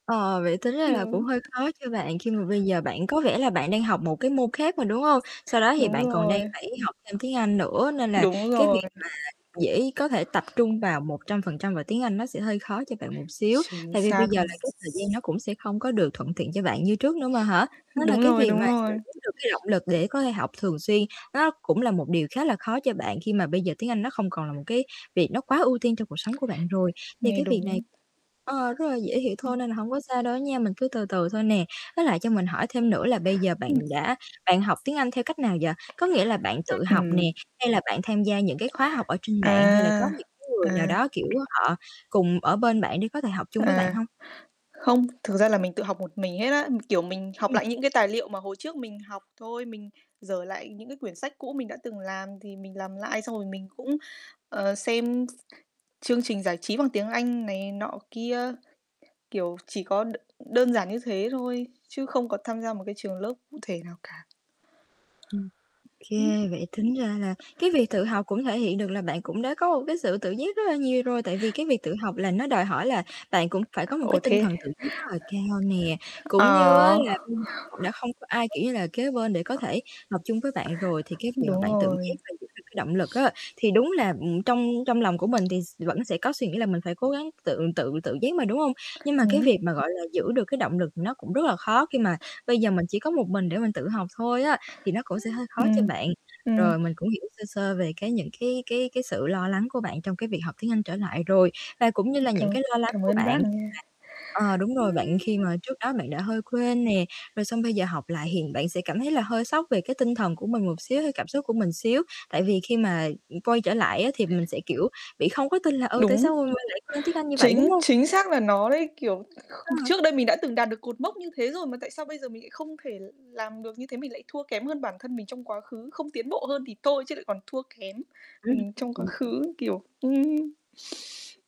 Ờ, vậy tính ra là cũng Ừm. hơi khó cho bạn khi mà bây [unintelligible] giờ bạn có vẻ là bạn đang học một cái môn khác mà, đúng không? Sau đó thì Đúng bạn còn đang rồi. phải học thêm tiếng Anh nữa, nên là Đúng cái rồi. việc mà dễ có thể tập trung vào 100% và tiếng Anh nó sẽ hơi khó cho bạn một xíu, Chính tại vì bây xác giờ luôn. là cái thời gian nó cũng sẽ không có được thuận tiện cho bạn như trước nữa mà hả? Đó là Đúng cái rồi, việc đúng mà giữ rồi. được cái động lực để có thể học thường xuyên nó cũng là một điều khá là khó cho bạn khi mà bây giờ tiếng Anh nó không còn là một cái việc nó quá ưu tiên trong cuộc sống của bạn rồi. Thì Nghe cái việc này đúng. ờ, rất là dễ hiểu Ừm. thôi nên là hông có sao đâu nha. Mình cứ từ từ thôi nè. Với lại cho mình hỏi thêm nữa là bây giờ bạn Ừm. đã bạn học tiếng Anh theo cách nào vậy? Có nghĩa là bạn tự [unintelligible] học Ừm. nè, hay là bạn tham gia những cái khóa học ở trên mạng, hay là có À, những cái người nào à. đó, kiểu, ơ, họ cùng ở bên bạn để có thể học chung với bạn À, hông? không, thực ra là mình tự học một mình hết á. Kiểu, mình học Ừm. lại những cái tài liệu mà hồi trước mình học thôi, mình giở lại những cái quyển sách cũ mình đã từng làm thì mình làm lại, xong rồi mình cũng, ờ, xem s chương trình giải trí bằng tiếng Anh này nọ kia, kiểu, chỉ có đ đơn giản như thế thôi, chứ không có tham gia một cái trường lớp cụ thể nào cả. Ừm. Kê, vậy tính ra là Ừm. cái việc tự học cũng thể hiện được là bạn cũng đã có một cái sự tự giác rất là nhiều rồi. Tại vì cái việc tự học là nó đòi hỏi là bạn cũng phải có một Ồ, cái tinh thế thần tự giác rất là cao nè, cũng như á, Ờ. là bây giờ h đã không có ai, kiểu như là, kế bên để có thể học chung với bạn rồi, thì cái việc mà Đúng bạn tự giác rồi. và giữ được cái động lực á, thì đúng là, ừm, trong trong lòng của mình thì s vẫn sẽ có suy nghĩ là mình phải cố gắng tự tự tự giác mà, đúng không? Nhưng mà cái Hứm? việc mà, gọi là, giữ được cái động lực nó cũng rất là khó, khi mà bây giờ mình chỉ có một mình để mình tự học thôi á, thì nó cũng sẽ hơi khó cho Ừm, bạn. ừm. Rồi mình cũng hiểu sơ sơ về cái những cái cái cái sự lo lắng của bạn trong cái việc học tiếng Anh trở lại rồi, và cũng như Ừm, là cảm những cái lo lắng cảm của ơn bạn bác khi nha. mà ờ, đúng rồi bạn, khi mà trước đó bạn đã hơi quên nè, rồi xong bây giờ học lại, hiện bạn sẽ cảm thấy là hơi sốc về cái tinh thần của mình một xíu hay cảm xúc của mình xíu. Tại vì khi mà, ừm, quay trở lại á, thì mình [unintelligible] sẽ, kiểu, bị không có tin là, ừ, tại Đúng. sao mình lại quên tiếng Anh như vậy, Chính đúng hông? chính xác là nó đấy, kiểu, kh Ờ. trước đây mình đã từng đạt được cột mốc như thế rồi mà tại sao bây giờ mình lại không thể l làm được như thế, mình lại thua kém hơn bản thân mình trong quá khứ, không tiến bộ hơn thì thôi chứ lại còn thua kém mình trong quá Ưm [unintelligible] khứ, kiểu ừm.